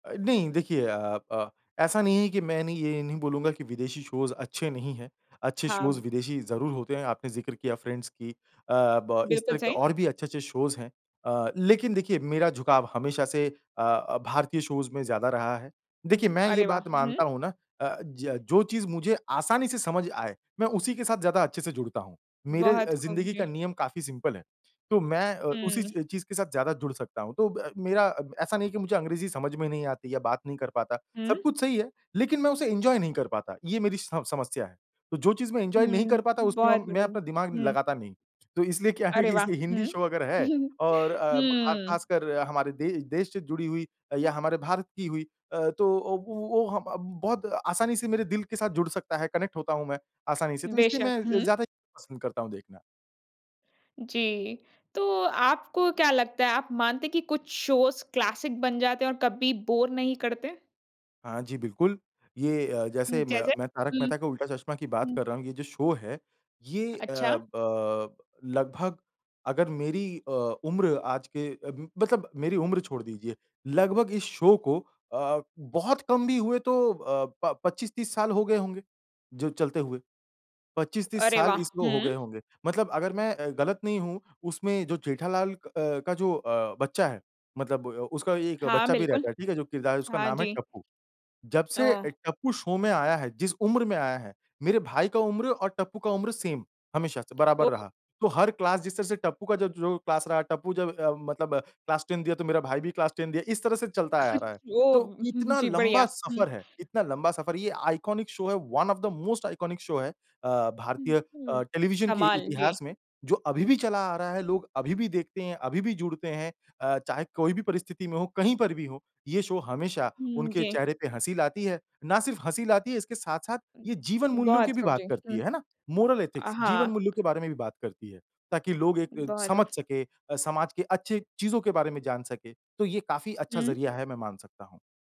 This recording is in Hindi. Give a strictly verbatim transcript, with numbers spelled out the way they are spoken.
अ, नहीं देखिए अ अ, ऐसा नहीं है कि मैं नहीं ये नहीं बोलूँगा कि विदेशी शोज़ अच्छे नहीं हैं अच्छे हाँ शोज़ ब विदेशी ज़रूर होते हैं। आपने ज़िक्र किया फ्रेंड्स की अ, ब इस बिल्कुल तरह के सही। और भी अच्छे-अच्छे शोज़ हैं अ, लेकिन देखिए मेरा झुकाव हमेशा से अ अ, भारतीय शोज़ में ज़्यादा रहा है। उ, देखिए मैं ये अरे वाह! बात हुँ। मानता हूँ ना अ, ज जो चीज़ मुझे आसानी से समझ आए मैं उसी के साथ ज़्यादा अच्छे से जुड़ता हूँ मेरे अ, बहुत खूब, जिंदगी का जी। नियम काफ़ी सिंपल है। तो मैं अ, उ उसी हुँ। च चीज़ के साथ ज़्यादा जुड़ सकता हूँ, तो ब मेरा अ, ऐसा नहीं है कि मुझे अंग्रेज़ी समझ में नहीं आती या बात नहीं कर पाता, सब हुँ। कुछ सही है। लेकिन मैं उसे एन्जॉय नहीं कर पाता ये मेरी स समस्या है। तो जो चीज़ मैं एन्जॉय नहीं हुँ। कर पाता उसमें बहुत मैं बढ़िया, अपना दिमाग हुँ। लगाता नहीं। तो इसलिए क्या है अरे कि वाह! इसलिए हिंदी हुँ, शो अगर है और अ, ख हुँ। खासकर हमारे दे देश से जुड़ी हुई या हमारे भारत की हुई अ, तो वो हम अब बहुत आसानी से मेरे दिल के साथ जुड़ सकता है, कनेक्ट होता हूँ मैं आसानी से, तो इसलिए बेशक, मैं ज़ हुँ। ज़्यादा पसंद करता हूँ देखना। जी, तो आपको क्या लगता है? आप मानते हैं कि कुछ शोज़ क्लासिक बन जाते हैं और कभी बोर नहीं करते? हाँ जी, बिल्कुल, ये अ, हुँ, जैसे मैं जैसे, मैं तारक हुँ। मेहता का उल्टा चश्मा की बात कर हुँ। रहा हूँ ये जो शो है ये अ, अच्छा। ब अ, लगभग अगर मेरी अ, उम्र आज के म मतलब मेरी उम्र छोड़ दीजिए, लगभग इस शो को अ बहुत कम भी हुए तो अ, प पच्चीस तीस साल हो गए होंगे। जो चलते हुए पच्चीस तीस अरे साल वाह! इसको हो गए हुँ। होंगे मतलब अगर मैं अ, गलत नहीं हूँ उसमें जो जेठालाल अ, का जो अ, बच्चा है मतलब उ उसका एक हाँ, बच्चा भी बिल्कुल। रहता है, ठीक है जो किरदार है उसका हाँ नाम है, जी। टप्पू। जब से अ, ओह। टप्पू शो में आया है, जिस उम्र में आया है, मेरे भाई का उम्र और टप्पू का उम्र सेम हमेशा से बराबर ओह। रहा, तो हर क्लास जिस तरह से टप्पू का जो जो क्लास रहा टप्पू जब अ, मतलब क्लास टेन दिया तो मेरा भाई भी क्लास टेन दिया इस तरह से चलता आ रहा है। ओह! तो हुँ, हुँ, इतना जी लम्बा बढ़िया, हुँ। सफ़र है, इतना लम्बा सफ़र है ये आइकॉनिक शो है, one of the most iconic show है अ, हुँ, भारतीय अ, हुँ। टेलीविजन के इ कमाल, जी। इतिहास में जो अभी भी चला आ रहा है, लोग अभी भी देखते हैं, अभी भी जुड़ते हैं। अ, चाहे कोई भी परिस्थिति में हो, कहीं पर भी हो, ये शो हमेशा हुँ, उनके जी। चेहरे पे हँसी लाती है। ना सिर्फ हँसी लाती है, इसके साथ-साथ ये जीवन-मूल्यों बहुत की भी बात कब्जे। करती हुँ, है है ना? मोरल अ, एथिक्स जीवन हाँ। मूल्यों के बारे में भी बात करती है। ताकि लोग एक बहुत वो। समझ सके अ, समाज के अच्छी चीज़ों के बारे में जान सके, तो ये काफ़ी अच्छा हुँ। ज़रिया है, मैं मान सकता हूँ।